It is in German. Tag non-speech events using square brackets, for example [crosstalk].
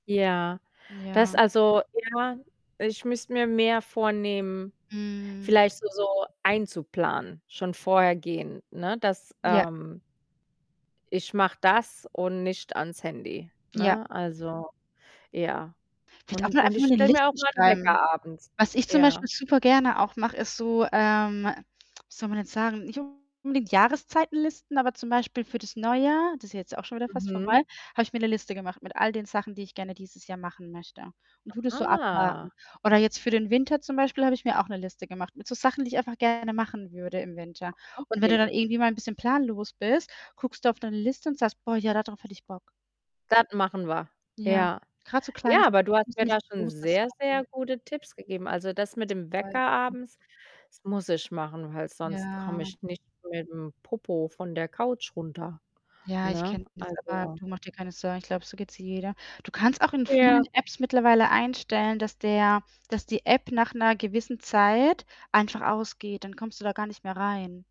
Ja. Ja. Das also, ja, ich müsste mir mehr vornehmen. Mhm. Vielleicht so so einzuplanen. Schon vorher gehen, ne, dass, Ja. ähm ich mache das und nicht ans Handy, Ja. ne? Also, ja. Vielleicht auch Und nur und einfach mal ich 'ne stelle mir auch Liste meinen schreiben. Wecker abends. Was ich, zum Ja. Beispiel, super gerne auch mache, ist so ähm, wie soll man denn sagen? Nicht unbedingt Jahreszeitenlisten, aber, zum Beispiel, für das Neujahr das ist jetzt auch schon wieder fast Mhm. vorbei, habe ich mir 'ne Liste gemacht, mit all den Sachen, die ich gerne dieses Jahr machen möchte und tue das so abhaken. Aha. Oder jetzt für den Winter, zum Beispiel, habe ich mir auch 'ne Liste gemacht, mit so Sachen, die ich einfach gerne machen würde im Winter. Und wenn Okay. du dann irgendwie mal 'n bisschen planlos bist, guckst du auf deine Liste und sagst: „Boah, ja, da drauf hätte ich Bock.“ Das machen wir. Ja. Ja. Grad so Ja, Kleinigkeiten. aber du Es hast muss ja mir da nichts schon großes sehr, sehr haben. gute Tipps gegeben. Also, das mit dem Wecker [unintelligible] abends, das muss ich machen, weil sonst komme Ja. ich nicht mit 'm Popo von der Couch runter. Ja, ich Ne? kenne das, aber, Also du mach dir keine Sorgen. Ich glaube, so geht's jeder. Du kannst auch in Ja. vielen Apps mittlerweile einstellen, dass der dass die App nach 'ner gewissen Zeit einfach ausgeht. Dann kommst du da gar nicht mehr rein.